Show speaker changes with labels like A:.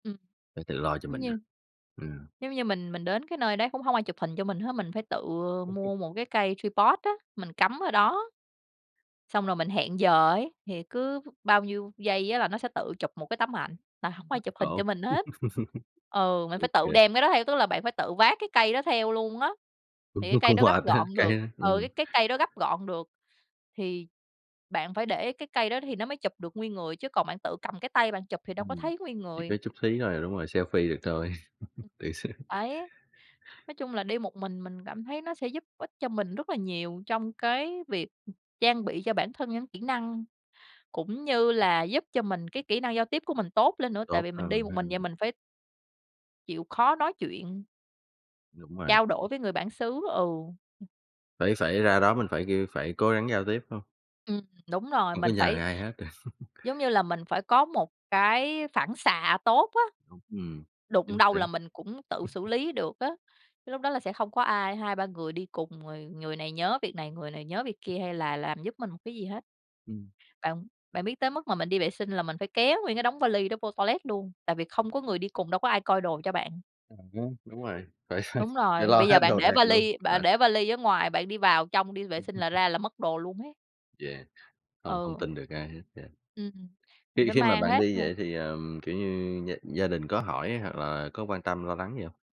A: Ừm.
B: Phải tự lo cho
A: Giống
B: mình à.
A: như
B: Ừm.
A: giống như mình mình đến cái nơi đấy cũng hông ai chụp hình cho mình hết. Mình phải tự mua một cái cây tripod á, mình cắm ở đó. Xong rồi mình hẹn giờ ấy, thì cứ bao nhiêu giây á là nó sẽ tự chụp một cái tấm ảnh, là hổng có ai chụp
B: [unintelligible]
A: hình cho
B: Khổ.
A: mình hết. Ừ, mình
B: Ô
A: phải tự
B: kê.
A: đem cái đó theo, tức là bạn phải tự vác cái cây đó theo luôn á. Thì cái
B: [unintelligible]
A: cây
B: Cũng
A: đó gấp
B: mệt ha,
A: gọn được,
B: cay ha,
A: ừ,
B: ừm.
A: cái cái cây đó gấp gọn được, thì bạn phải để cái cây đó thì nó mới chụp được nguyên người chứ còn bạn tự cầm cái tay bạn chụp thì đâu có
B: Ừm.
A: thấy nguyên
B: Chỉ
A: người.
B: có chút xí thôi là đúng rồi, selfie được thôi. Tự sướng.
A: Ấy. Nói chung là đi một mình mình cảm thấy nó sẽ giúp ích cho mình rất là nhiều trong cái việc trang bị cho bản thân những kỹ năng cũng như là giúp cho mình cái kỹ năng giao tiếp của mình tốt lên nữa tại
B: Tốt
A: vì mình đi
B: hơn
A: một
B: ha.
A: mình vậy mình phải chịu khó nói chuyện
B: Đúng rồi.
A: trao đổi
B: Ch
A: với người bản xứ, ừ.
B: Phải phải ra đó mình phải kêu, phải cố gắng giao tiếp, phải hông?
A: Ừm, đúng rồi,
B: Hông
A: mình
B: có nhờ
A: phải
B: ai hết.
A: giống như là mình phải có một cái phản xạ tốt á,
B: Không ừm.
A: đụng
B: Chính
A: đâu
B: xác.
A: là mình cũng tự xử lý được á. Lúc đó là sẽ không có ai, 2-3 người đi cùng rồi người này nhớ việc này, người này nhớ việc kia hay là làm giúp mình một cái gì hết.
B: Ừm.
A: Bạn bạn biết tới mức mà mình đi vệ sinh là mình phải kéo nguyên cái đống va li đó vô toilet luôn tại vì không có người đi cùng đâu có ai coi đồ cho bạn.
B: À ha, đúng rồi. Phải phải
A: Đúng
B: phải
A: rồi, bây
B: lo
A: giờ
B: hết
A: bạn
B: đồ
A: để
B: đạc
A: va
B: luôn.
A: li bạn
B: Mệt.
A: để va li ở ngoài bạn đi vào trong đi vệ sinh là
B: Ừm
A: ra là mất đồ luôn ấy.
B: Yeah. Hông hông
A: Ừ.
B: tin được ai hết, yeah.
A: Ừm, mình
B: Khi
A: phải
B: khi mà
A: mang
B: bạn
A: hết
B: đi
A: vô.
B: vậy thì, ờm, kiểu như gia gia đình có hỏi hoặc là có quan tâm lo lắng gì hông?